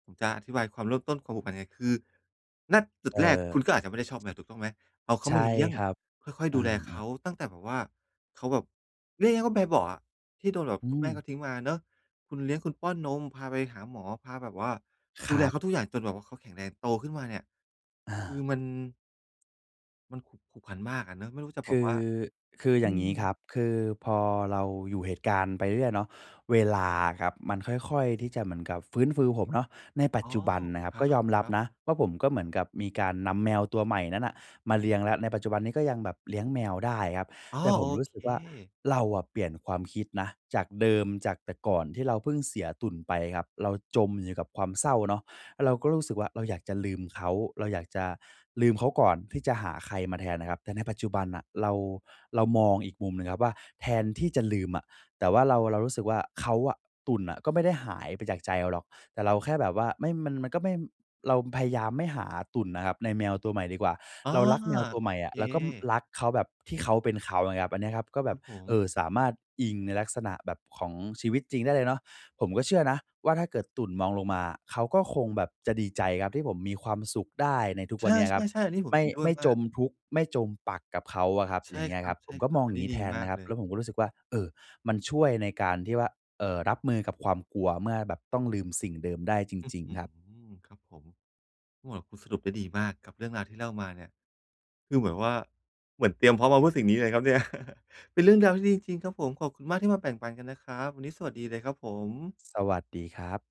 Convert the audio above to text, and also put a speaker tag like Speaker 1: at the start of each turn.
Speaker 1: ผมจะอธิบายความเริ่มต้น ความผูกพันไง คือ ณ จุด
Speaker 2: เอ่
Speaker 1: แรก
Speaker 2: อ
Speaker 1: คุณก็อาจจะไม่ได้ชอบแมว ถูกต้องไหม เอาเข
Speaker 2: ใ
Speaker 1: า
Speaker 2: ช่
Speaker 1: มาเลี้ยง
Speaker 2: ครับ
Speaker 1: ค่อย
Speaker 2: อ
Speaker 1: ๆ
Speaker 2: ื
Speaker 1: ดูแลเข
Speaker 2: อ ๆ
Speaker 1: าตั้งแต่แบบว่า เขาแบบ เรียกง่าย ๆ ว่าแบเบาะอะ ที่โดนแบบ
Speaker 2: อื
Speaker 1: คุณแม่เข
Speaker 2: ม
Speaker 1: าทิ้งมาเนาะ คุณเลี้ยง คุณป้อนนม พาไปหาหมอ พาแบบว่า
Speaker 2: ค
Speaker 1: ดู
Speaker 2: ร
Speaker 1: แล
Speaker 2: ับ
Speaker 1: เขาทุกอย่างจนแบบว่าเขาแข็งแรง โตขึ้นมา เนี่ย
Speaker 2: อ
Speaker 1: คือ
Speaker 2: า
Speaker 1: มัน มันขุก ผูกพัน มากอะเนาะ ไม่รู้จะ
Speaker 2: ค
Speaker 1: บอก
Speaker 2: ือ
Speaker 1: ว่า
Speaker 2: คือ
Speaker 1: อ
Speaker 2: อ
Speaker 1: ื
Speaker 2: ย่างง
Speaker 1: ม
Speaker 2: ี้ครับ คือพอเราอยู่ เหตุการณ์ไปเรื่อย ๆ เนาะ เวลาครับมันค่อย ๆ ที่จะเหมือนกับฟื้นฟู ผมเนาะ ในป
Speaker 1: อ
Speaker 2: ัจ
Speaker 1: ๋อ
Speaker 2: จุบันนะครับ
Speaker 1: คร
Speaker 2: ก็ยอมรับ
Speaker 1: ับ ๆ
Speaker 2: นะว่าผมก็เหมือนกับมีการนำแมวตัวใหม่นั้นน่ะมาเลี้ยงแล้ว ในปัจจุบันนี้ก็ยังแบบเลี้ยงแมวได้ครับ
Speaker 1: อ๋อ!
Speaker 2: แต่ผ
Speaker 1: โอ
Speaker 2: มรู้
Speaker 1: เ
Speaker 2: สึกว่า
Speaker 1: ค
Speaker 2: เราอะเปลี่ยนความคิดนะ จากเดิม จากแต่ก่อนที่เราเพิ่งเสียตุ่นไปครับ เราจมอยู่ในกับความเศร้าเนาะ อ่า เราก็รู้สึกว่าเราอยากจะลืมเขา เราอยากจะลืมเขาก่อนที่จะหาใครมาแทนน่ะครับ แต่ในปัจจุบันน่ะเรา เรามองอีกมุมนะครับว่า แทนที่จะลืมอะ แต่ว่าเรา เรารู้สึกว่าเขาอะ ตุ่นน่ะก็ไม่ได้หายไปจากใจเราหรอก แต่เราแค่แบบว่าไม่ มัน มันก็ไม่ เรา ม พยายามไม่หาตุ่นน่ะครับในแมวตัวใหม่ดีกว่า
Speaker 1: อ้อ
Speaker 2: เรารักแมวตัว
Speaker 1: โอ
Speaker 2: ใหม่อ
Speaker 1: เค
Speaker 2: ะ แล้วก็ ม รักเขาแบบที่เขาเป็นเขา อย่างเงี้ยครับ อันเนี้ยครับก็แ
Speaker 1: ค
Speaker 2: บ
Speaker 1: รั
Speaker 2: บ
Speaker 1: บผ
Speaker 2: เอ
Speaker 1: ม
Speaker 2: ่อ สามารถอิงในลักษณะแบบ ของชีวิตจริงได้เลยเนาะ ผมก็เชื่อนะว่าถ้าเกิดตุ่นมองลงมา เขาก็คงแบบจะดีใจครับ ที่ผมมีความสุขได้ในทุก
Speaker 1: ใ
Speaker 2: วันเนี้ยครับ
Speaker 1: ช่ ๆ ๆ อันนี้ผ
Speaker 2: ไม
Speaker 1: ม
Speaker 2: ่
Speaker 1: เห็นด้ว
Speaker 2: ไม
Speaker 1: ย
Speaker 2: ่
Speaker 1: ม
Speaker 2: จ
Speaker 1: าก
Speaker 2: มทุกข์ ไม่จมปลักกับเขาอะครับ
Speaker 1: ใช
Speaker 2: อย
Speaker 1: ่
Speaker 2: ่างเงี้
Speaker 1: ค
Speaker 2: ย
Speaker 1: รั
Speaker 2: ค
Speaker 1: บ
Speaker 2: รับ ผมก็มอ
Speaker 1: ๆ
Speaker 2: ง
Speaker 1: อั
Speaker 2: อ
Speaker 1: น
Speaker 2: ย่า
Speaker 1: นี
Speaker 2: ง
Speaker 1: ้
Speaker 2: งี้
Speaker 1: ดี
Speaker 2: แทน
Speaker 1: มา
Speaker 2: น
Speaker 1: ก
Speaker 2: ะคร
Speaker 1: เ
Speaker 2: ับ
Speaker 1: ล
Speaker 2: แล
Speaker 1: ย
Speaker 2: ้วผมก็รู้สึกว่า เออ มันช่วยในการที่ว่า เอ่อ รับมือกับความกลัวเมื่อแบบต้องลืมสิ่งเดิมได้จ
Speaker 1: อื้อ
Speaker 2: ริง
Speaker 1: ฮื
Speaker 2: ๆ ครับ
Speaker 1: อ ครับผม โอ้ คุณสรุปได้ดีมากกับเรื่องราวที่เล่ามาเนี่ย คือเหมือนว่า เหมือนเตรียมพร้อมมาเพื่อสิ่งนี้เลยครับเนี่ย เป็นเรื่องราวที่ดีจริง ๆ ครับผม ขอบคุณมากที่มาแบ่งปันกันนะครับ วันนี้สวัสดีเลยครับผม
Speaker 2: สวัสดีครับ